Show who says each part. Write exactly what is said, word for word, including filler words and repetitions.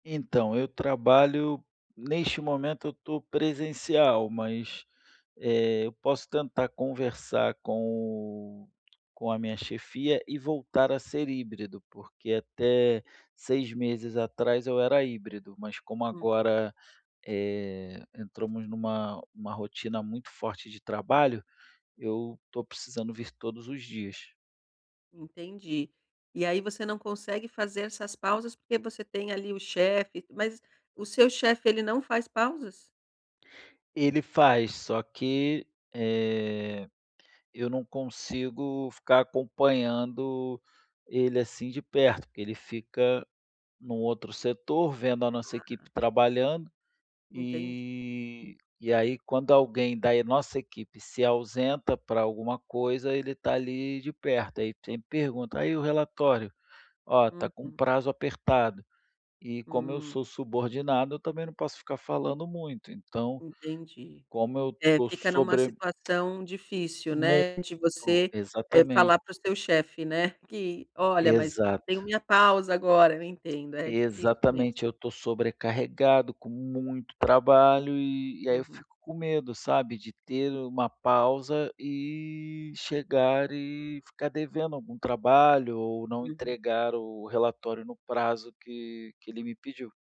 Speaker 1: Então, eu trabalho neste momento, eu tô presencial, mas, eh, eu posso tentar conversar com com a minha chefia e voltar a ser híbrido, porque até seis meses atrás eu era híbrido, mas como
Speaker 2: Uhum.
Speaker 1: agora, eh, entramos numa numa rotina muito forte de trabalho, eu tô precisando vir todos os dias.
Speaker 2: Entendi. E aí você não consegue fazer essas pausas porque você tem ali o chefe. Mas, o seu chefe, ele não faz pausas?
Speaker 1: Ele faz. Só que, eh, eu não consigo ficar acompanhando ele assim de perto, porque ele fica num outro setor, vendo a nossa
Speaker 2: Ah.
Speaker 1: equipe trabalhando.
Speaker 2: Entendi.
Speaker 1: E e aí quando alguém da e nossa equipe se ausenta pra alguma coisa, ele tá ali de perto. Aí e sempre pergunta: “Aí, o relatório?", "Ó, tá com um
Speaker 2: Uhum.
Speaker 1: prazo apertado”. E como eu
Speaker 2: Hum.
Speaker 1: sou subordinado, eu também não posso ficar falando muito. Então,
Speaker 2: Entendi.
Speaker 1: como eu
Speaker 2: É,
Speaker 1: tô
Speaker 2: fica numa
Speaker 1: sobre
Speaker 2: situação difícil,
Speaker 1: Muito.
Speaker 2: né, de você, eh,
Speaker 1: Exatamente.
Speaker 2: falar para o seu chefe, né, que: “Olha, mas eu tenho
Speaker 1: Exato.
Speaker 2: minha pausa agora”. Eu entendo, é difícil mesmo.
Speaker 1: Exatamente. Eu tô sobrecarregado, com muito trabalho, e e aí eu
Speaker 2: Uhum.
Speaker 1: fico com medo, sabe, de ter uma pausa e chegar e ficar devendo algum trabalho, ou não
Speaker 2: Uhum.
Speaker 1: entregar o relatório no prazo que que ele me pediu.